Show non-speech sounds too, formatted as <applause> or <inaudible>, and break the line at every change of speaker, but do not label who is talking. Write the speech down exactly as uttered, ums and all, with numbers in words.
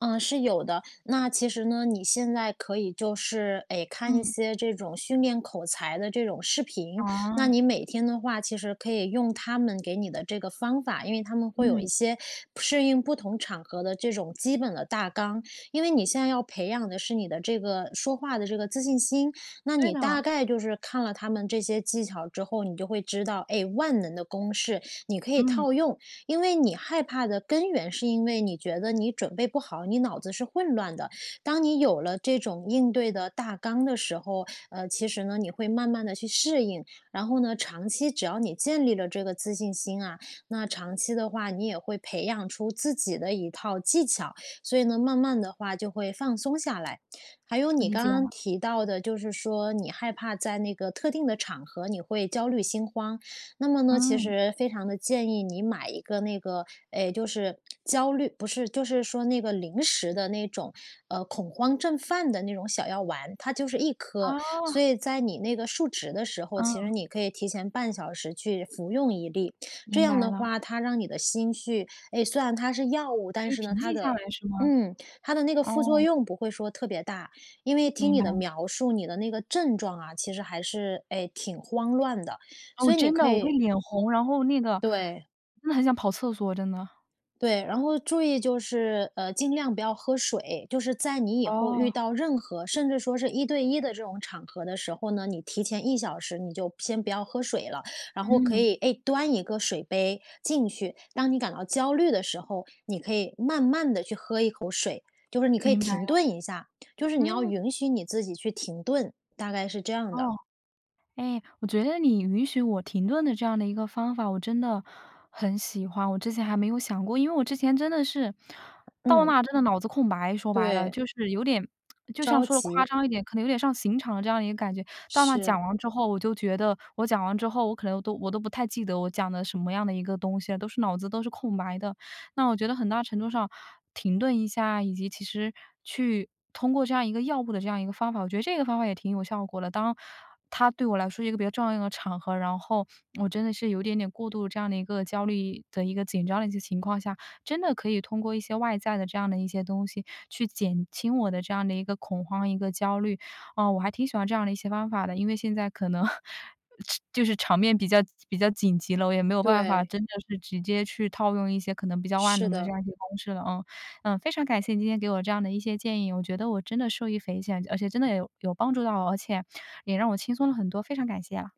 呃，是有的。那其实呢，你现在可以就是，哎，看一
嗯。
些这种训练口才的这种视频。那
哦。
你每天的话，其实可以用他们给你的这个方法，因为他们会有一
嗯。
些适应不同场合的这种基本的大纲。因为你现在要培养的，是你的这个说话的这个自信心，那
对
你大
的。
概就是看了他们这些技巧之后，你就会知道，哎，万能的公式，你可以
嗯。
套用。因为你害怕的根源，是因为你觉得你准备不好，你脑子是混乱的，当你有了这种应对的大纲的时候，呃，其实呢，你会慢慢地去适应。然后呢，长期只要你建立了这个自信心啊，那长期的话你也会培养出自己的一套技巧。所以呢，慢慢的话就会放松下来。还有你
理
刚
解
刚
了。
提到的，就是说你害怕在那个特定的场合，你会焦虑心慌，那么呢，其
嗯。
实非常地建议你买一个那个，哎，就是焦虑不是，就是说那个临时的那种，呃，恐慌症犯的那种小药丸，它就是一颗。
啊。
所以在你那个述职的时候，其实
嗯。
你可以提前半小时去服用一粒，这
明
样
白
的
了。
话，它让你的心绪哎，虽然它是药物，
可
但
以
是呢
平
它
静下
的
来是吗？
嗯，它的那个副作
哦。
用不会说特别大，因为听
明
你
白
的
了。
描述，你的那个症状啊，其实还是，哎，挺慌乱的，
哦，
所以你
真
可
的，我会
以
脸红，然后那个
对。
真的很想跑厕所，真的。
对，然后注意就是，呃，尽量不要喝水，就是在你以后遇
哦。
到任何，甚至说是一对一的这种场合的时候呢，你提前一小时你就先不要喝水了。然后可
嗯。
以，哎，端一个水杯进去，当你感到焦虑的时候，你可以慢慢地去喝一口水，就是你可以
明白
停
了，
顿一下，就是你要
嗯。
允许你自己去停顿，大概是这样的。
哦。哎，我觉得你允许我停顿的这样的一个方法，我真的，很喜欢，我之前还没有想过。因为我之前真的是，到
嗯。
那儿真的脑子空白，说白了，
对。
就是有点 <smacks lips> 就像
着
说得夸
急。
张一点，可能有点上刑场的这样的一个感觉。到那儿讲
是。
完之后，我就觉得我讲完之后，我可能都我都不太记得我讲的什么样的一个东西了，都是脑子都是空白的。那我觉得很大程度上，停顿一下，以及其实去通过这样一个药物的这样的一个方法，我觉得这个方法也挺有效果的。当，它对我来说一个比较重要的一个场合，然后我真的是，有点点过度这样的一个焦虑的、一个紧张的一些情况下，真的可以通过一些外在的这样的一些东西，去减轻我的这样的一个恐慌、一个焦虑，啊，我还挺喜欢这样的一些方法的。因为现在可能吃就是场面比较比较紧急了，我也没有办法
对。
真的是直接去套用一些可能比较万
是
能的这
的。
样一些公式了啊。呃，非常感谢你今天给我这样的一些建议，我觉得我真的受益匪浅，而且真的也有有帮助到，而且也让我轻松了很多。非常感谢啊。